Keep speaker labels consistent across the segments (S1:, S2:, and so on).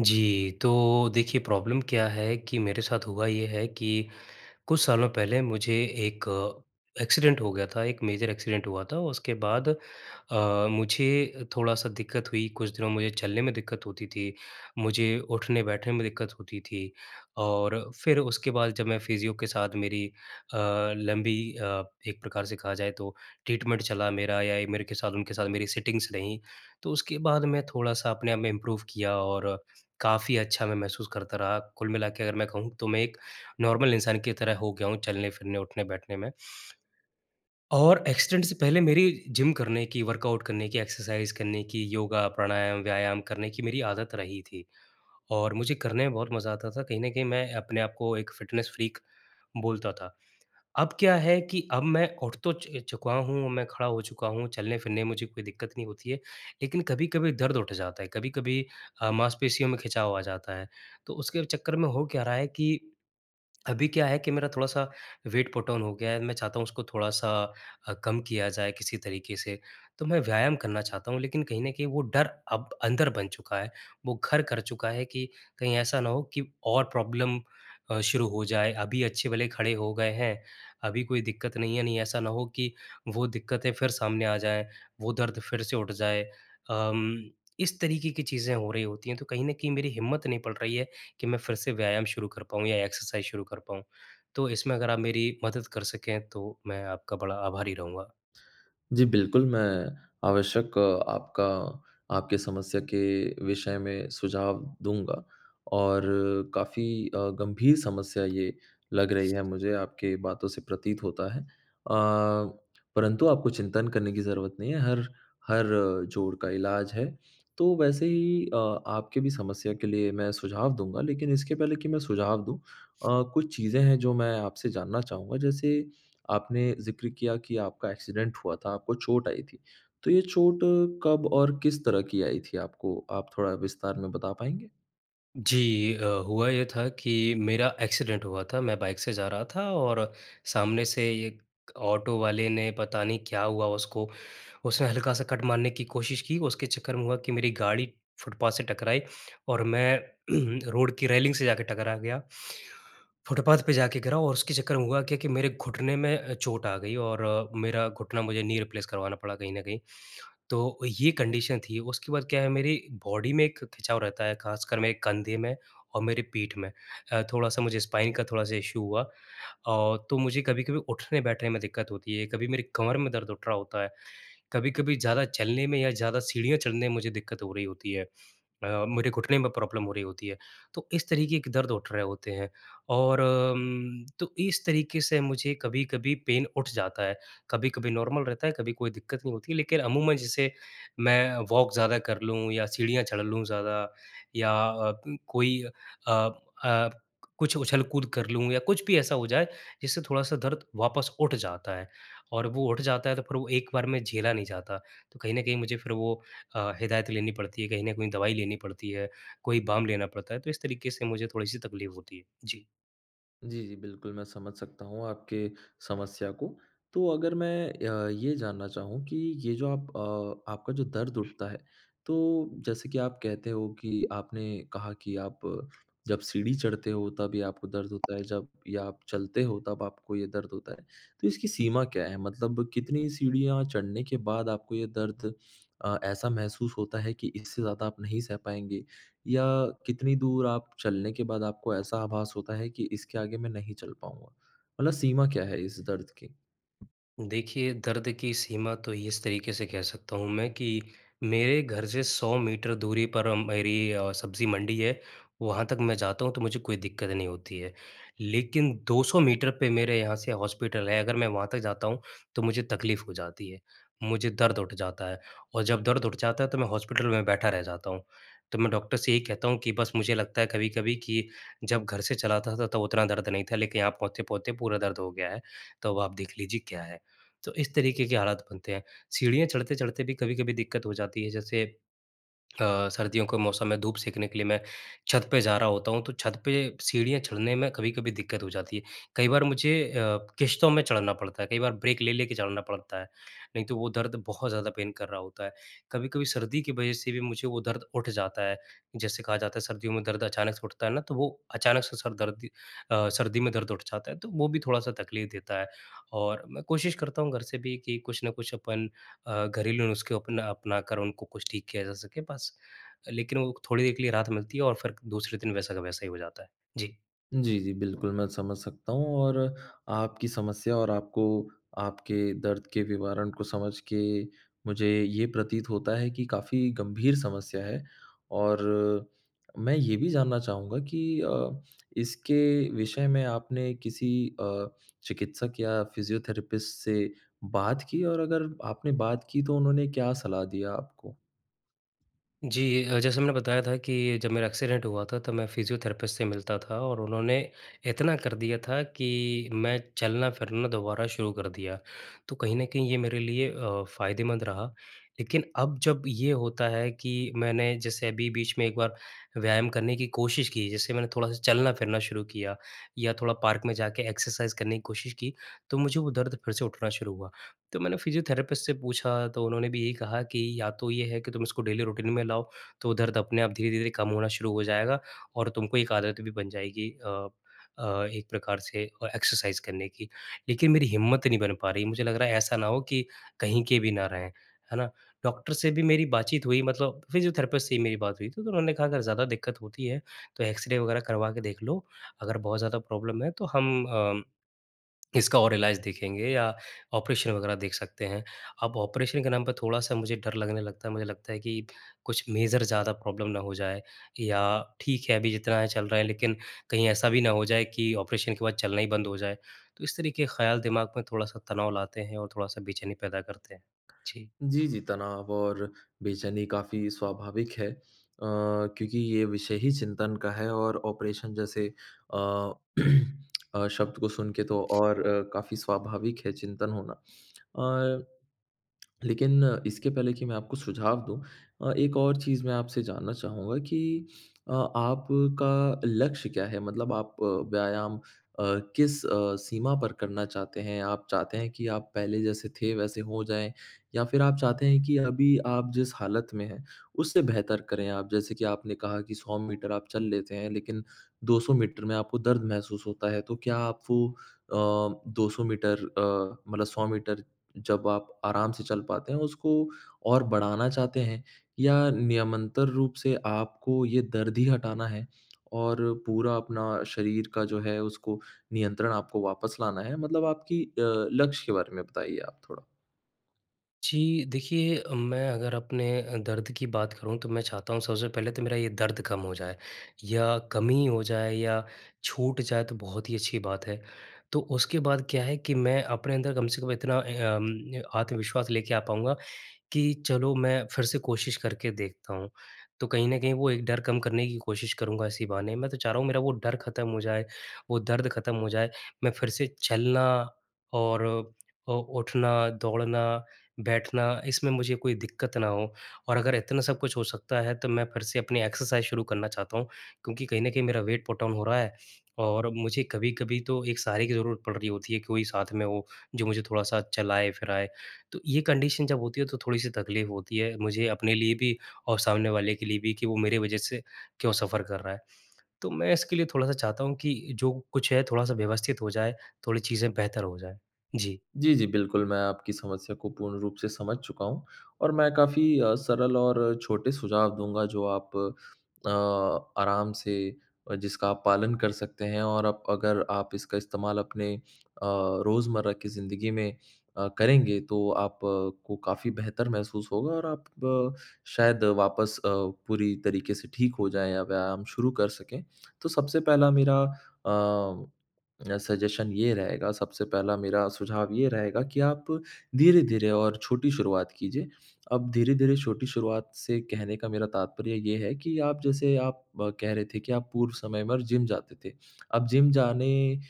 S1: जी, तो देखिए, प्रॉब्लम क्या है कि मेरे साथ हुआ ये है कि कुछ सालों पहले मुझे एक एक्सीडेंट हो गया था, एक मेजर एक्सीडेंट हुआ था। उसके बाद अ, मुझे थोड़ा-सा दिक्कत हुई, कुछ दिनों मुझे चलने में दिक्कत होती थी, मुझे उठने-बैठने में दिक्कत होती थी और फिर उसके बाद जब मैं फिज़ियो के साथ मेरी अ, लंबी अ, एक प्रकार से कहा जाए, तो ट्रीटमेंट चला मेरा या ए मेरे के साथ उनके साथ मेरी सिटिंग्स रही, तो उसके बाद मैं थोड़ा-सा अपने आप में इम्प्रूव किया और काफ़ी अच्छा मैं महसूस करता रहा। कुल मिला के अगर मैं कहूँ, तो मैं एक नॉर्मल इंसान की तरह हो गया हूँ, चलने-फिरने, उठने-बैठने में और एक्सीडेंट से पहले मेरी जिम करने की, वर्कआउट करने की, एक्सरसाइज़ करने की, योगा, प्राणायाम, व्यायाम करने की मेरी आदत रही थी और मुझे करने में बहुत मज़ा आता था। कहीं न कहीं मैं अपने आप को एक फ़िटनेस फ्रीक बोलता था। अब क्या है कि अब मैं उठ तो च चुका हूँ, अब मैं खड़ा हो चुका हूँ, चलने-फिरने में मुझे कोई दिक्कत नहीं होती है, लेकिन कभी-कभी दर्द उठ जाता है, कभी-कभी अ, मांसपेशियों में खिंचाव आ जाता है। तो उसके चक्कर में हो क्या रहा है कि अभी क्या है कि मेरा थोड़ा-सा वेट पुट ऑन हो गया है। मैं चाहता हूँ, उसको थोड़ा-सा अ, कम किया जाए किसी तरीके से। तो मैं व्यायाम करना चाहता हूँ, लेकिन कहीं न कहीं वो डर अब अंदर बन चुका है, वो घर कर चुका है कि कहीं ऐसा ना हो कि और प्रॉब्लम अ, शुरू हो जाए। अभी अच्छे-भले खड़े हो गए हैं, अभी कोई दिक्कत नहीं है, नहीं, ऐसा ना हो कि वो दिक्कतें फिर सामने आ जाएँ, वो दर्द फिर से उठ जाए। अम, इस तरीके की चीज़ें हो रही होती हैं, तो कहीं न कहीं मेरी हिम्मत नहीं पड़ रही है कि मैं फिर से व्यायाम शुरू कर पाऊँ या एक्सरसाइज़ शुरू कर पाऊँ, तो इसमें अगर आप मेरी मदद कर सकें, तो मैं आपका बड़ा आभारी रहूँगा।
S2: जी, बिल्कुल, मैं आवश्यक आपका आपकी समस्या के विषय में सुझाव दूँगा और काफ़ी अ, गंभीर समस्या ये लग रही है मुझे, आपकी बातों से प्रतीत होता है। अ, परंतु आपको चिंतन करने की ज़रूरत नहीं है, हर हर जोड़ का इलाज है। तो वैसे ही अ, आपके भी समस्या के लिए मैं सुझाव दूँगा, लेकिन इसके पहले कि मैं सुझाव दूँ अ, कुछ चीज़ें हैं, जो मैं आपसे जानना चाहूँगा। जैसे आपने ज़िक्र किया कि आपका एक्सीडेंट हुआ था, आपको चोट आई थी, तो ये चोट कब और किस तरह की आई थी आपको? आप थोड़ा विस्तार में बता पाएँगे?
S1: जी अ, हुआ ये था कि मेरा एक्सीडेंट हुआ था। मैं बाइक से जा रहा था और सामने से एक ऑटो वाले ने, पता नहीं क्या हुआ उसको, उसने हल्का-सा कट मारने की कोशिश की और उसके चक्कर में हुआ कि मेरी गाड़ी फुटपाथ से टकराई और मैं रोड की रेलिंग से जाके टकरा गया। फुटपाथ पे जाके गिरा और उसके चक्कर में हुआ क्या कि मेरे घुटने में अ, चोट आ गई और मेरा घुटना मुझे नी रिप्लेस करवाना पड़ा, कहीं न कहीं। तो ये कंडीशन थी। उसके बाद क्या है, मेरी बॉडी में एक खिंचाव रहता है, खासकर मेरे कंधे में और मेरे पीठ में अ, थोड़ा-सा मुझे स्पाइन का थोड़ा-सा इशू हुआ। औ तो मुझे कभी-कभी उठने-बैठने में दिक्कत होती है, कभी मेरी कमर में दर्द उठ रहा होता है, कभी-कभी ज़्यादा चलने में या ज़्यादा सीढ़ियाँ चढ़ने में मुझे दिक्कत हो रही होती है अ, मेरे घुटने में प्रॉब्लम हो रही होती है। तो इस तरीके के दर्द उठ रहे होते हैं और अम, तो इस तरीके से मुझे कभी-कभी पेन उठ जाता है। कभी-कभी नॉर्मल रहता है, कभी कोई दिक्कत नहीं होती है, लेकिन अमूमन जैसे मैं वॉक ज़्यादा कर लूँ या सीढ़ियाँ चढ़ लूँ ज़्यादा, या अ अं कोई अ अ, कुछ उछल-कूद कर लूँ या कुछ भी ऐसा हो जाए, जिससे थोड़ा-सा दर्द वापस उठ जाता है और वो उठ जाता है, तो फिर वो एक बार में झेला नहीं जाता। तो कहीं न कहीं मुझे फिर वो अ, हिदायत लेनी पड़ती है, कहीं न कहीं दवाई लेनी पड़ती है, कोई बाम लेना पड़ता है, तो इस तरीके से मुझे थोड़ी-सी तकलीफ़ होती है। जी।
S2: जी, जी बिल्कुल, मैं समझ सकता हूँ आपके समस्या को। तो अगर मैं अ, ये जानना चाहूँ कि ये जो आप अ, आपका जो दर्द उठता है, तो जैसे कि आप कहते हो कि आपने कहा कि आप, जब सीढ़ी चढ़ते हो, तब ये आपको दर्द होता है, जब या आप चलते हो तब आपको ये दर्द होता है। तो इसकी सीमा क्या है? मतलब कितनी सीढ़ियाँ चढ़ने के बाद आपको ये दर्द अ, ऐसा महसूस होता है कि इससे ज़्यादा आप नहीं सह पाएँगे या कितनी दूर आप चलने के बाद आपको ऐसा आभास होता है कि इसके आगे मैं नहीं चल पाऊँगा? मतलब सीमा क्या है, इस दर्द की?
S1: देखिए दर्द की सीमा तो इस तरीके से कह सकता हूँ मैं कि मेरे घर से 100 मीटर दूरी पर मेरी अ, सब्जी मंडी है, वहाँ तक मैं जाता हूँ तो मुझे कोई दिक्कत नहीं होती है। लेकिन 200 मीटर पे मेरे यहाँ से हॉस्पिटल है, अगर मैं वहाँ तक जाता हूँ। तो मुझे तकलीफ़ हो जाती है, मुझे दर्द उठ जाता है और जब दर्द उठ जाता है, तो मैं हॉस्पिटल में बैठा रह जाता हूँ। तो मैं डॉक्टर से यही कहता हूँ कि बस मुझे लगता है कभी-कभी कि जब घर से चल आता था, तब उतना दर्द नहीं था, लेकिन यहाँ पहुँचते-पहुँचते पूरा दर्द हो गया है, तो अब आप देख लीजिए क्या है। तो इस तरीके के हालात बनते हैं। सीढ़ियाँ चढ़ते-चढ़ते भी कभी-कभी दिक्कत हो जाती है। जैसे अ, सर्दियों के मौसम में धूप सेकने के लिए मैं, छत पे जा रहा होता हूँ। तो छत पे, सीढ़ियाँ चढ़ने में कभी-कभी दिक्कत हो जाती है। कई बार मुझे अ, किश्तों में चढ़ना पड़ता है, कई बार ब्रेक ले लेके चलना पड़ता है। नहीं तो वो दर्द बहुत ज़्यादा पेन कर रहा होता है। कभी-कभी सर्दी की वजह से भी मुझे वो दर्द उठ जाता है, जैसे कहा जाता है सर्दियों में दर्द अचानक से उठता है ना, तो वो अचानक से सर दर्द अ, सर्दी में दर्द उठ जाता है, तो वो भी थोड़ा-सा तकलीफ़ देता है। और मैं कोशिश करता हूँ घर से भी कि कुछ ना कुछ अपन अ, घरेलू नुस्खे अपना अपना, कर उनको कुछ ठीक किया जा सके बस। लेकिन वो थोड़ी देर के लिए राहत मिलती है और फिर दूसरे दिन वैसा का वैसा ही हो जाता है। जी।
S2: जी, जी। बिल्कुल, मैं समझ सकता हूँ और आपकी समस्या और आपको आपके दर्द के विवरण को समझ के मुझे ये प्रतीत होता है कि काफ़ी गंभीर समस्या है। और मैं ये भी जानना चाहूँगा कि अ, इसके विषय में आपने किसी अ, चिकित्सक या फ़िजियोथेरेपिस्ट से बात की? और अगर आपने बात की, तो उन्होंने क्या सलाह दिया आपको?
S1: जी। अ, जैसे मैंने बताया था कि जब मेरा एक्सीडेंट हुआ था, तब मैं फ़िजियोथेरेपिस्ट से मिलता था और उन्होंने इतना कर दिया था कि मैं चलना-फिरना दोबारा शुरू कर दिया। तो कहीं न कहीं ये मेरे लिए अ, फ़ायदेमंद रहा। लेकिन अब जब ये होता है कि, मैंने जैसे अभी बीच में एक बार व्यायाम करने की कोशिश की, जैसे मैंने थोड़ा-सा चलना-फिरना शुरू किया या थोड़ा पार्क में जाके एक्सरसाइज़ करने की कोशिश की, तो मुझे वो दर्द फ़िर से उठना शुरू हुआ। तो मैंने फ़िजियोथेरेपिस्ट से पूछा, तो उन्होंने भी ये कहा कि या तो ये है कि तुम इसको डेली रूटीन में लाओ, तो वो दर्द अपने आप धीरे-धीरे कम होना शुरू हो जाएगा और तुमको एक आदत भी बन जाएगी अ अ, एक प्रकार से और एक्सरसाइज़ करने की। लेकिन मेरी हिम्मत नहीं बन पा रही। मुझे लग रहा है ऐसा ना हो कि कहीं के भी ना रहें, है ना। डॉक्टर से भी मेरी बातचीत हुई, मतलब फ़िजियोथेरेपिस्ट से ही मेरी बात हुई थी, तो उन्होंने कहा अगर ज़्यादा दिक्कत होती है तो एक्स-रे वग़ैरह करवा के देख लो। अगर बहुत ज़्यादा प्रॉब्लम है, तो हम अम इसका और इलाज देखेंगे या ऑपरेशन वग़ैरह देख सकते हैं। अब ऑपरेशन के नाम पे थोड़ा-सा मुझे डर लगने लगता है। मुझे लगता है कि कुछ मेजर ज़्यादा प्रॉब्लम ना हो जाए या ठीक है अभी जितना है चल रहा है लेकिन, कहीं ऐसा भी ना हो जाए कि ऑपरेशन के बाद चलना ही बंद हो जाए। तो इस तरीक़े ख़याल दिमाग में थोड़ा-सा तनाव लाते हैं और थोड़ा-सा बेचैनी पैदा करते हैं। जी।
S2: जी, जी, तनाव और बेचैनी काफ़ी स्वाभाविक है। अ, क्योंकि ये विषय ही चिंतन का है और ऑपरेशन जैसे अ, अ, शब्द को सुन के तो और अ, काफ़ी स्वाभाविक है चिंतन होना। अ, लेकिन इसके पहले कि मैं आपको सुझाव दूँ अ, एक और चीज़ मैं आपसे जानना चाहूँगा कि अ, आपका लक्ष्य क्या है? मतलब आप व्यायाम अ, किस अ, सीमा पर करना चाहते हैं? आप चाहते हैं कि आप पहले जैसे थे वैसे हो जाएँ या फ़िर आप चाहते हैं कि अभी आप जिस हालत में हैं, उससे बेहतर करें आप? जैसे कि आपने कहा कि 100 मीटर आप चल लेते हैं, लेकिन 200 मीटर में आपको दर्द महसूस होता है, तो क्या आप वो अ, 200 मीटर अ, मतलब 100 मीटर जब आप आराम से चल पाते हैं उसको और बढ़ाना चाहते हैं या नियमंतर रूप से आपको ये दर्द ही हटाना है? और पूरा अपना शरीर का जो है, उसको नियंत्रण आपको वापस लाना है? मतलब आपकी अ, लक्ष्य के बारे में बताइए आप थोड़ा।
S1: जी देखिए, मैं अगर अपने अ, दर्द की बात करूँ तो मैं चाहता हूँ सबसे पहले तो मेरा ये दर्द कम हो जाए या कम ही हो जाए या छूट जाए, तो बहुत ही अच्छी बात है। तो उसके बाद क्या है कि मैं अपने अंदर कम से कम इतना अम आत्मविश्वास लेके आ पाऊँगा कि चलो मैं फ़िर से कोशिश कर के देखता हूँ। तो कहीं न कहीं वो एक डर कम करने की कोशिश करूँगा इसी बहाने, मैं तो चाह रहा हूँ मेरा वो डर ख़त्म हो जाए, वो दर्द ख़त्म हो जाए। मैं फ़िर से चलना और अ, उठना, दौड़ना, बैठना इसमें मुझे कोई दिक्कत ना हो और अगर इतना सब कुछ हो सकता है, तो मैं फ़िर से अपनी एक्सरसाइज़ शुरू करना चाहता हूँ। क्योंकि कहीं न कहीं मेरा वेट पुटऑन हो रहा है और मुझे कभी-कभी तो एक सहारे की ज़रूरत पड़ रही होती है, कि कोई साथ में हो जो मुझे थोड़ा-सा चलाएँ-फिराएँ। तो ये कंडीशन जब होती है तो थोड़ी सी तकलीफ़ होती है, मुझे अपने लिए भी और सामने वाले के लिए भी कि, वो मेरी वज़ह से क्यों सफ़र कर रहा है। तो मैं इसके लिए थोड़ा-सा चाहता हूँ कि, जो कुछ है थोड़ा-सा व्यवस्थित हो जाए, थोड़ी चीज़ें बेहतर हो जाएँ। जी।
S2: जी, जी, बिल्कुल मैं आपकी समस्या को पूर्ण रूप से समझ चुका हूँ और मैं काफ़ी सरल और छोटे सुझाव दूँगा जो आप अ, आराम से जिसका आप पालन कर सकते हैं। और अप अगर आप इसका इस्तेमाल अपने अ, रोज़मर्रा की ज़िंदगी में अ, करेंगे तो आप को काफ़ी बेहतर महसूस होगा और आप शायद वापस अ, पूरी तरीक़े से ठीक हो जाएँ या व्यायाम शुरू कर सकें। तो सबसे पहला मेरा अ, सजेशन ये रहेगा, सबसे पहला मेरा सुझाव ये रहेगा कि आप धीरे-धीरे और छोटी शुरुआत कीजिए। अब धीर-धीरे छोटी शुरुआत से कहने का मेरा तात्पर्य ये है, कि आप जैसे आप कह रहे थे कि आप पूर्व समय में जिम जाते थे। अब जिम जाने अ,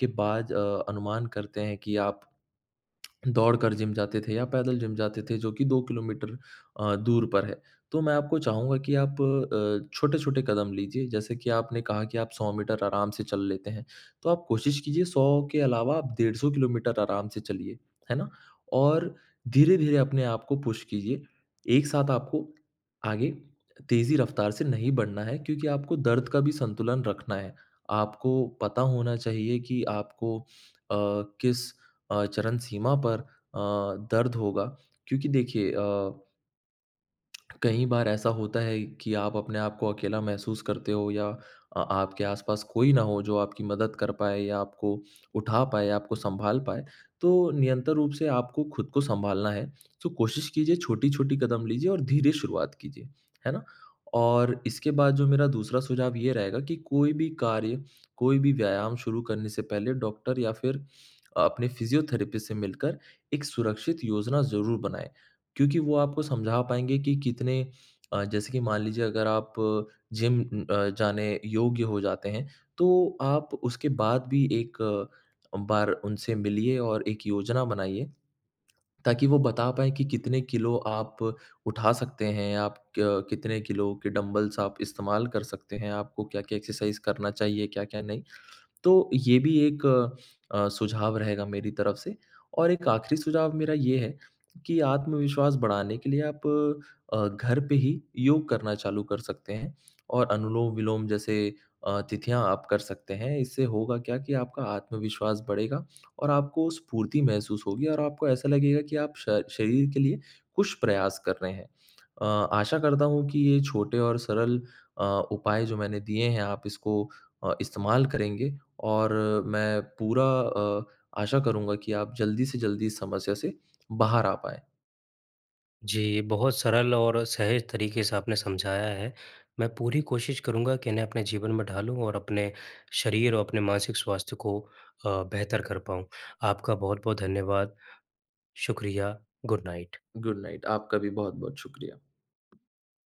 S2: के बाद अ, अनुमान करते हैं कि आप दौड़कर जिम जाते थे या पैदल जिम जाते थे, जो कि 2 किलोमीटर अ, दूर पर है। तो मैं आपको चाहूँगा कि आप अ, छोटे-छोटे कदम लीजिए, जैसे कि आपने कहा कि आप 100 मीटर आराम से चल लेते हैं, तो आप कोशिश कीजिए 100 के अलावा आप डेढ़ 100 किलोमीटर आराम से चलिए, है ना? और धीरे-धीरे अपने आप को पुश कीजिए, एक साथ आपको आगे तेज़ी रफ्तार से नहीं बढ़ना है, क्योंकि आपको दर्द का भी संतुलन रखना है। आपको पता होना चाहिए कि आपको अ, किस अ, चरणसीमा पर अ, दर्द होगा क्योंकि देखिए अ कई बार ऐसा होता है कि आप अपने आपको अकेला महसूस करते हो या आ आपके आस-पास कोई ना हो जो आपकी मदद कर पाए या आपको उठा पाए, आपको संभाल पाए। तो नियंतर रूप से आपको खुद को संभालना है तो कोशिश कीजिए छोटी-छोटी कदम लीजिए और धीरे शुरुआत कीजिए। है ना? और इसके बाद जो मेरा दूसरा सुझाव ये रहेगा कि कोई भी कार्य, कोई भी व्यायाम शुरू करने से पहले डॉक्टर या फ़िर अपने फिज़ियोथेरेपिस्ट से मिलकर एक सुरक्षित योजना ज़रूर बनाएँ। क्योंकि वो आपको समझा पाएँगे कि कितने अ, जैसे कि मान लीजिए अगर आप जिम अ, जाने योग्य हो जाते हैं। तो आप उसके बाद भी एक बार उनसे मिलिए और एक योजना बनाइए ताकि वो बता पाएँ कि कितने किलो आप उठा सकते हैं, आप क कितने किलो के डम्बल्स आप इस्तेमाल कर सकते हैं, आपको क्या-क्या एक्सरसाइज़ करना चाहिए क्या-क्या नहीं। तो ये भी एक अ, सुझाव रहेगा मेरी तरफ़ से और एक आखिरी सुझाव मेरा ये है कि आत्मविश्वास बढ़ाने के लिए आप अ, घर पे ही योग करना चालू कर सकते हैं और अनुलोम-विलोम जैसे अ, तिथियाँ आप कर सकते हैं इससे होगा क्या कि आपका आत्मविश्वास बढ़ेगा और आपको स्फूर्ति महसूस होगी और आपको ऐसा लगेगा कि आप श शरीर के लिए कुछ प्रयास कर रहे हैं। अ, आशा करता हूँ कि ये छोटे और सरल अ, उपाय जो मैंने दिये हैं आप इसको अ, इस्तेमाल करेंगे और मैं पूरा अ, आशा करूँगा कि आप जल्दी से जल्दी इस समस्या से बाहर आ पाएँ।
S1: जी बहुत सरल और सहज तरीक़े से आपने समझाया है मैं पूरी कोशिश करूँगा कि इन्हें अपने जीवन में ढालूँ और अपने शरीर और अपने मानसिक स्वास्थ्य को अ, बेहतर कर पाऊँ। आपका बहुत-बहुत धन्यवाद। शुक्रिया, गुड नाइट।
S2: गुड नाइट आपका भी बहुत-बहुत शुक्रिया।